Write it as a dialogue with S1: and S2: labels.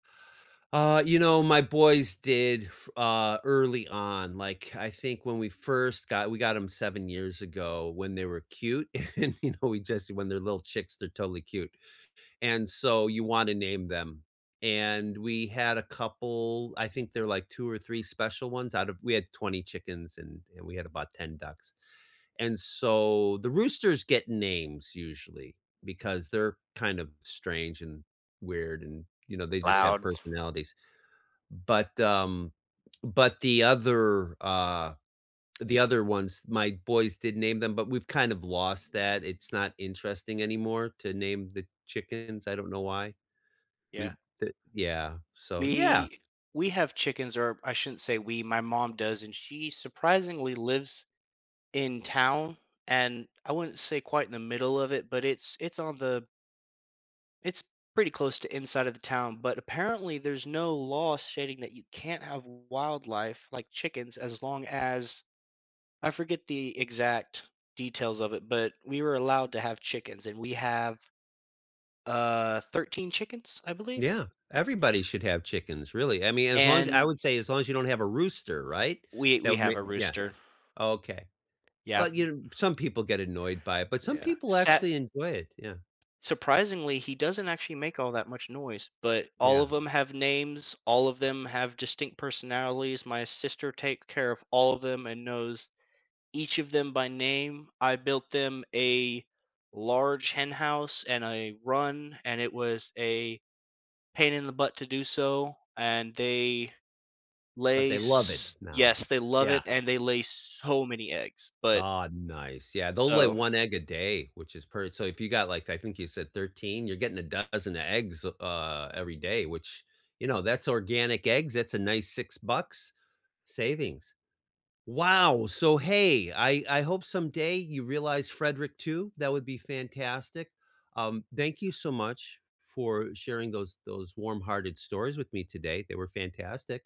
S1: Uh, you know, my boys did f uh, early on, like, I think when we first got we got ‘em 7 years ago when they were cute, and, you know, we just when they're little chicks, they're totally cute, and so you wanna name them, and we had a couple I think there like 2 or 3 special ones out of we had 20 chickens, and and we had about 10 ducks, and so, the roosters get names usually, because they're kind of strange and weird, and, you know, they just have
S2: Loud.
S1: personalities. But, um, but the other, uh the other ones, my boys did name them, but we've kind of lost that, it's not interesting anymore to name the chickens, I don't know why. We
S2: Yeah.
S1: the Yeah, so yeah.
S2: We we have chickens, or I shouldn't say we, my mom does, and she surprisingly lives in town, and I wouldn't say quite in the middle of it, but it's it's on the it's pretty close to inside of the town, but apparently, there's no law stating that you can't have wildlife like chickens as long as I forget the exact details of it, but we were allowed to have chickens, and we have, uh, 13 chickens, I believe.
S1: Yeah, everybody should have chickens, really, I mean, as long as I
S2: And
S1: would say as long as you don't have a rooster, right?
S2: We
S1: That
S2: we
S1: would ma
S2: have a
S1: Yeah,
S2: rooster.
S1: oh okay.
S2: Yep,
S1: Well, you
S2: m
S1: know some people get annoyed by it, but some
S2: Yeah,
S1: people
S2: sat
S1: actually enjoy it, yeah.
S2: Surprisingly, he doesn't actually make all that much noise, but all
S1: Yeah.
S2: of 'em have names, all of them have distinct personalities, my sister take care of all of them and knows each of them by name, I built them a large hen house and a run, and it was a pain in the butt to do so, and they
S1: But
S2: lay
S1: they love it
S2: s
S1: now,
S2: Yes, they love
S1: yeah.
S2: it and they lay so many eggs, but
S1: Aw, nice, yeah, they'll lay
S2: So
S1: 1 egg a day, which is per so, if you got, like, I think you said 13, you're getting a dozen eggs, uh, every day, which, you know, that's organic eggs, that's a nice 6 bucks, savings. Wow! So hey, I I hope someday you realize Frederick too, that would be fantastic, um, thank you so much for sharing those those warm-hearted stories with me today, they were fantastic.